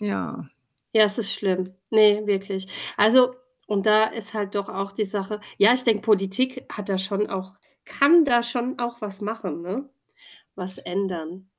Ja. Ja, es ist schlimm. Ne, wirklich. Also und da ist halt doch auch die Sache ja, ich denke, Politik hat da schon auch kann da schon auch was machen, ne? Was ändern,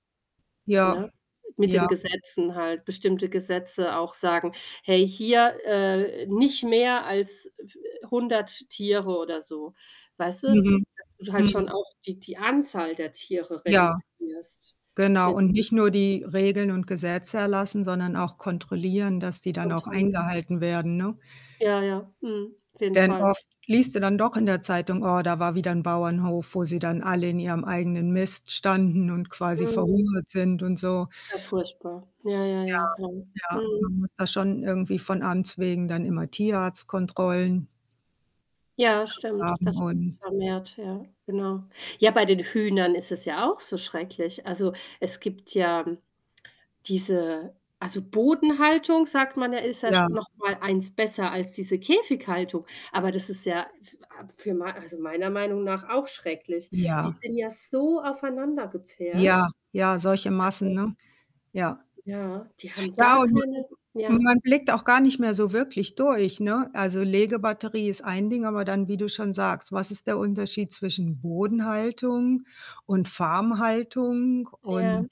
Ja, ne? Mit ja. den Gesetzen halt, bestimmte Gesetze auch sagen: „Hey, hier, äh, nicht mehr als f 100 Tiere“ oder so. Weißt du? Mhm. Das du halt schon Mhm. auch die die Anzahl der Tiere Ja. reduzierst, Genau, finde ich und nicht nur wichtig. die Regeln und Gesetze erlassen, sondern auch kontrollieren, dass die dann Oh auch toll. eingehalten werden, ne? Ja, ja, mhm, auf jeden Denn Fall. oft liest du dann doch in der Zeitung: „Oh, da war wieder ein Bauernhof, wo sie dann alle in ihrem eigenen Mist standen und quasi Mhm. verhungert sind“, und so. Ja, furchtbar. Ja, ja, Ja, ja, genau. ja, Mhm. man muss da schon irgendwie von Amts wegen dann immer Tierarztkontrollen Ja, [unintelligible] stimmt, haben das wird's und vermehrt, ja, genau. Ja, bei den Hühnern ist es ja auch so schrecklich. Also, es gibt ja diese also Bodenhaltung, sagt man ja, ist ja sch Ja. noch mal 1 besser als diese Käfighaltung. Aber das ist ja für a für mei also meiner Meinung nach auch schrecklich. Die Ja. sind ja so aufeinander Ja, gepfercht, ja, solche Massen, also ne? Ja. Ja, die haben Ja, gar und keine und ja. ma man blickt auch gar nicht mehr so wirklich durch, ne? Also, Legebatterie ist ein Ding, aber dann, wie du schon sagst: Was ist der Unterschied zwischen Bodenhaltung und Farmhaltung und Ja.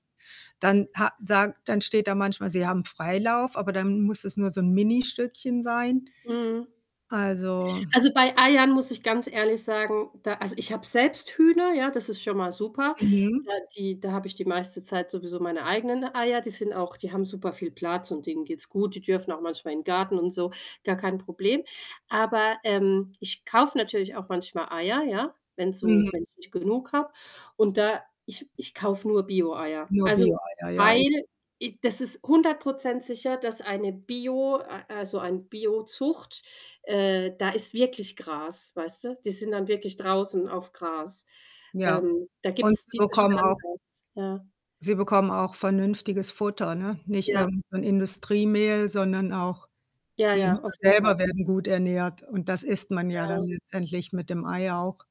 dann ha sagt dann steht da manchmal, sie haben Freilauf, aber dann muss es nur so 'n Ministückchen sein. Mhm. Also Also, bei Eiern muss ich ganz ehrlich sagen, da also ich habe selbst Hühner, ja, das ist schon mal super. Mhm. Da die da habe ich die meiste Zeit sowieso meine eigenen Eier, die sind auch, die haben super viel Platz und denen geht's gut. Die dürfen auch manchmal in Garten und so, gar kein Problem. Aber, ähm, ich kaufe natürlich auch manchmal Eier, ja, wenn so Mhm. wenn ich nicht genug habe und da ich ich kaufe nur Bioeier. Nur Also, Bioeier, ja i weil i das ist 100 % sicher, dass eine Bio a also ein Biozucht, äh, da ist wirklich Gras, weißt du? Die sind dann wirklich draußen auf Gras. Ja. Ähm. Da Und gibt's sie diese bekommen auch Standards, ja. Sie bekommen auch vernünftiges Futter, ne? Nicht Ja. irgend so 'n Industriemehl, sondern auch Ja, die Hühner ja, auf jeden Fall. selber werden gut ernährt und das isst man ja dann Ja. letztendlich mit dem Ei auch.